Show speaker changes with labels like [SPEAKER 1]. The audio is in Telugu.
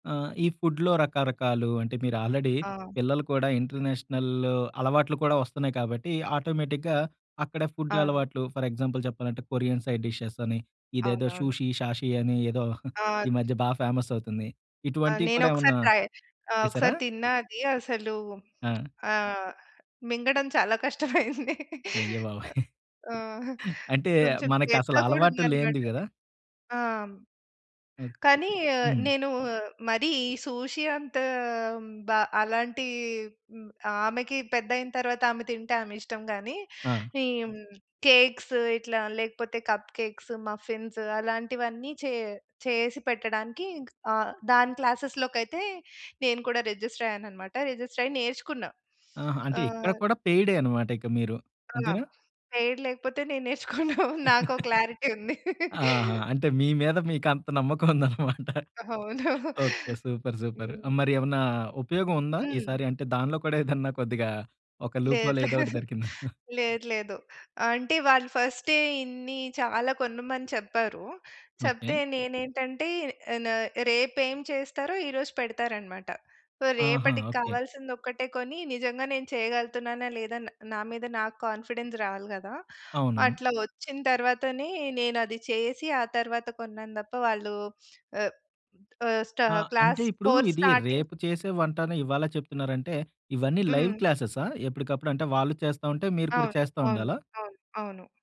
[SPEAKER 1] ఆ! ఈ ఫుడ్‌లో రకరకాలు అంటే మీరు ఆల్రెడీ
[SPEAKER 2] ఆ!
[SPEAKER 1] పిల్లలు కూడా ఇంటర్నేషనల్ అలవాట్లు కూడా వస్తున్నాయి కాబట్టి ఆటోమేటిక్‌గా అక్కడ ఫుడ్
[SPEAKER 2] అవును.
[SPEAKER 1] అలవాట్లు ఫర్ ఎగ్జాంపుల్ చెప్పాలంటే కొరియన్ సైడ్ డిషెస్ అని ఇదేదో
[SPEAKER 2] అవునవును.
[SPEAKER 1] సూషి షాషి అని ఏదో
[SPEAKER 2] ఆ!
[SPEAKER 1] ఈ
[SPEAKER 2] ద్
[SPEAKER 1] మధ్య బా ఫేమసవుతుంది.
[SPEAKER 2] ఆ!
[SPEAKER 1] ఇటువంటివి కూడా
[SPEAKER 2] నేనొకసారి
[SPEAKER 1] ఏవన్నా
[SPEAKER 2] ట్రై ఆహ్,
[SPEAKER 1] చేశారా?
[SPEAKER 2] ఒకసారి తిన్నా అది. అసలూ
[SPEAKER 1] ఆ!
[SPEAKER 2] ఆహ్, మింగడం చాలా కష్టమయింది.
[SPEAKER 1] అయ్య బాబోయ్!
[SPEAKER 2] ఆ!
[SPEAKER 1] అంటే
[SPEAKER 2] కొంచెం
[SPEAKER 1] మనకసల
[SPEAKER 2] చేదుగా కూడా
[SPEAKER 1] అలవాటు లేనిది
[SPEAKER 2] ఉందనమాటది.
[SPEAKER 1] గదా!
[SPEAKER 2] ఆ! హ్మ్.
[SPEAKER 1] ఓకె.
[SPEAKER 2] కానీ
[SPEAKER 1] హ్మ్.
[SPEAKER 2] నేను మరీ ఈ సూషి అంత బ అలాంటి మ్ ఆమెకి పెద్దయిన తరువాత ఆమె తింటే ఆమె ఇష్టం గానీ
[SPEAKER 1] ఆ!
[SPEAKER 2] ఈ హ్మ్. కేక్సు ఇట్లా లేకపోతే కప్ కేక్సు, మఫిన్స్ అలాంటివన్నీ చే చేసి పెట్టడానికి ఇంక ఆహ్, దాని క్లాసెస్‌లోకైతే నేను కూడా రిజిస్టరయ్యాననమాట. రిజిస్టరయ్యి నేర్చుకున్నా.
[SPEAKER 1] ఆహా! అంటే ఇక్కడ
[SPEAKER 2] ఆహ్
[SPEAKER 1] కూడా పెయిడే అనమాట ఇక మీరు
[SPEAKER 2] ఆ!
[SPEAKER 1] అంతేనా?
[SPEAKER 2] పెయిడ్ లేకపోతే నేను నేర్చుకోను. నాకో క్లారిటీ ఉంది.
[SPEAKER 1] ఆహా! అంటే మీ మీద మీకంత నమ్మకముందనమాట.
[SPEAKER 2] అవును.
[SPEAKER 1] ఓకే. సూపర్. సూపర్.
[SPEAKER 2] హ్మ్.
[SPEAKER 1] మరి ఏవన్నా ఉపయోగం ఉందా?
[SPEAKER 2] హ్మ్.
[SPEAKER 1] ఈసారి అంటే దానిలో కూడా ఏదన్నా కొద్దిగా ఒక లూప్ హోల్
[SPEAKER 2] లేదు లేదు.
[SPEAKER 1] ఏదోకటి దొరికిందా?
[SPEAKER 2] లేదు లేదు. అంటే వాళ్ళు ఫస్టే ఇన్ని చాలా కొనమని చెప్పారు. చెప్తే
[SPEAKER 1] ఓకే.
[SPEAKER 2] నేనేంటంటే న రేపేం చేస్తారో ఈరోజు పెడతారనమాట. సో,
[SPEAKER 1] ఆహా!
[SPEAKER 2] రేపటికి
[SPEAKER 1] ఓకే.
[SPEAKER 2] కావాల్సిందొక్కటే కొని నిజంగా నేను చేయగలుగుతున్నానా! లేదా! న్ నా మీద నాకు కాన్ఫిడెన్స్ రావాలి గదా!
[SPEAKER 1] అవును.
[SPEAKER 2] అట్లా వచ్చిన తరువాతనే నేనది చేసి ఆ తరువాత కొన్నాను దప్ప వాళ్ళు ఆహ్, ఆహ్, స్టా
[SPEAKER 1] ఆ! అంటే
[SPEAKER 2] క్లాస్
[SPEAKER 1] ఇప్పుడు
[SPEAKER 2] ఫోర్
[SPEAKER 1] ఇది
[SPEAKER 2] స్టార్టింగ్
[SPEAKER 1] రేపు చేసే వంటని ఇవాలే చెప్తున్నారంటే ఇవన్నీ లైవ్
[SPEAKER 2] హ్మ్.
[SPEAKER 1] క్లాసెసా? ఎప్పటికప్పుడు అంటే వాళ్ళు చేస్తా ఉంటే మీరు కూడా
[SPEAKER 2] అవును.
[SPEAKER 1] చేస్తా
[SPEAKER 2] అవును.
[SPEAKER 1] ఉండాలా?
[SPEAKER 2] అవును. అవును.